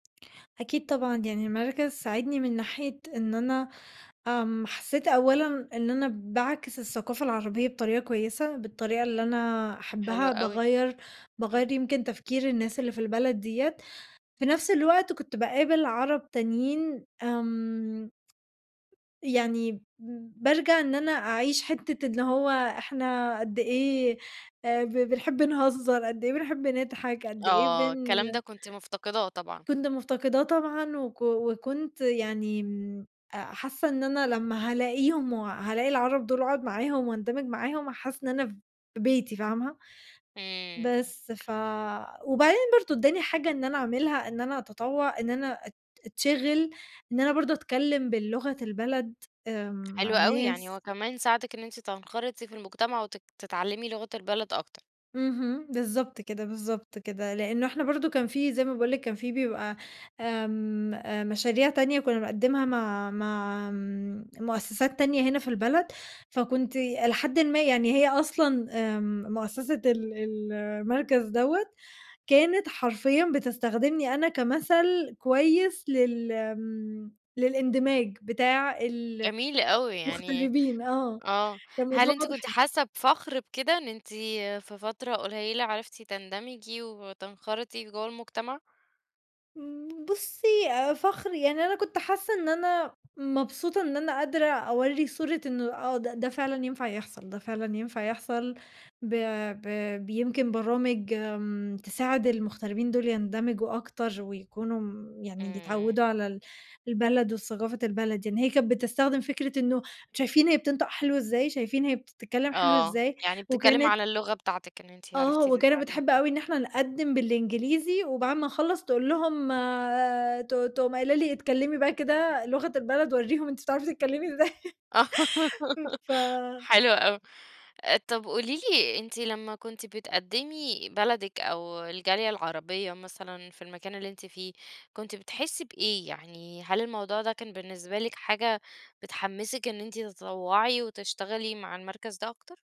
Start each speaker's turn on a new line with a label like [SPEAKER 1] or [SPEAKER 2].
[SPEAKER 1] أكيد طبعًا، يعني المركز ساعدني من ناحية إن أنا آمم، حسيت أولًا إن أنا باعكس الثقافة العربية بطريقة كويسة بالطريقة اللي أنا
[SPEAKER 2] حلو
[SPEAKER 1] أحبها،
[SPEAKER 2] أوي،
[SPEAKER 1] باغيَّر
[SPEAKER 2] امم.
[SPEAKER 1] باغيَّر يمكن تفكير الناس اللي في البلد ديّة، في نَفس الوقت كنت باقابل عرب تانيين آمم، يعني ب بارجع إن أنا أعيش حتة اللي هو إحنا قدّ إيه آآ، ب بنحب نهزر، قدّ إيه بنحب نضحك، قدّ إيه
[SPEAKER 2] آه،
[SPEAKER 1] بن
[SPEAKER 2] الكلام ده كنتِ مفتقداه طبعًا.
[SPEAKER 1] كنت مفتقداه طبعًا وك وكنت يعني امم، حاسة إن أنا لمّا هالاقيهم وهالاقي العرب دول واقعد معاهم واندمج معاهم هاحس إن أنا في بيتي، فاهمة؟
[SPEAKER 2] امم.
[SPEAKER 1] بس ف وبعدين برضو اداني حاجة إن أنا اعملها، إن أنا أتطوع إن أنا أت أتشغل إن أنا برضو أتكلم باللغة البلد آمم،
[SPEAKER 2] حلو
[SPEAKER 1] مع
[SPEAKER 2] أوي، يعني
[SPEAKER 1] ناس.
[SPEAKER 2] هو كمان ساعدِك إن أنتِ تنخرطي في المجتمع وتك تتعلمي لغة البلد أكتر.
[SPEAKER 1] اهم، بالضبط كده، بالضبط كده، لأنه إحنا برضو كان في زي ما باقول لِك كان في بيبقى آمم، مشاريع تانية كنا بنقدمها مع مع آمم، مؤسسات تانية هنا في البلد، فكنت إلى حدٍ ما يعني هي أصلًا آمم، مؤسسة ال ال المركز دوّة كانت حرفيًا بتستخدمني أنا كمثل كويس لل آمم، للإندماج بتاع ال
[SPEAKER 2] جميل أوي، يعني
[SPEAKER 1] المغتربين آه،
[SPEAKER 2] آه، هل
[SPEAKER 1] فالموضوع
[SPEAKER 2] أنتِ كنتِ
[SPEAKER 1] واضح
[SPEAKER 2] حاسة بفخر بكده إن أنتِ في فترة قليّلة عرفتِ تندمجي وتنخرطي جوّا المجتمع؟
[SPEAKER 1] امم بُصي آآ فخر، يعني أنا كنت حاسة إن أنا مبسوطة إن أنا قادرة أورّي صورة إنه آه ده ده فعلًا ينفع يحصل، ده فعلًا ينفع يحصل ب ب بيمكن برامج آمم، تساعد المغتربين دول يندمجوا أكتر ويكونوا يعني
[SPEAKER 2] امم.
[SPEAKER 1] يتعوّدوا على ال البلد وثقافة البلد، يعني هي كانت بتستخدم فكرة إنه شايفين هي بتنطق حلو إزاي، شايفين هي بتتكلم حلو
[SPEAKER 2] آه،
[SPEAKER 1] إزاي،
[SPEAKER 2] يعني بتتكلم
[SPEAKER 1] وكانت
[SPEAKER 2] على اللغة بتاعتِك إن أنتِ
[SPEAKER 1] آه،
[SPEAKER 2] عرفتِ
[SPEAKER 1] وكانت بتحب
[SPEAKER 2] تتعلميها.
[SPEAKER 1] أوي إن إحنا نقدّم بالإنجليزي وبعد ما نخلّص تقول لهم آآ، ت ت تقوم قايلة لي: "اتكلمي بقى كده لغة البلد وريهم أنتِ بتعرفي تتكلمي إزاي"
[SPEAKER 2] آه
[SPEAKER 1] امم ف
[SPEAKER 2] حلو أوي، آآ، طب قولي لي أنتِ لمّا كنتِ بتقدمي بلدِك أو الجالية العربية مثلًا في المكان اللي أنتِ فيه، كنتِ بتحسي بإيه، يعني هل الموضوع ده كان بالنسبة لِك حاجة بتحمّسِك إن أنتِ تتطوعي وتشتغلي مع المركز ده أكتر؟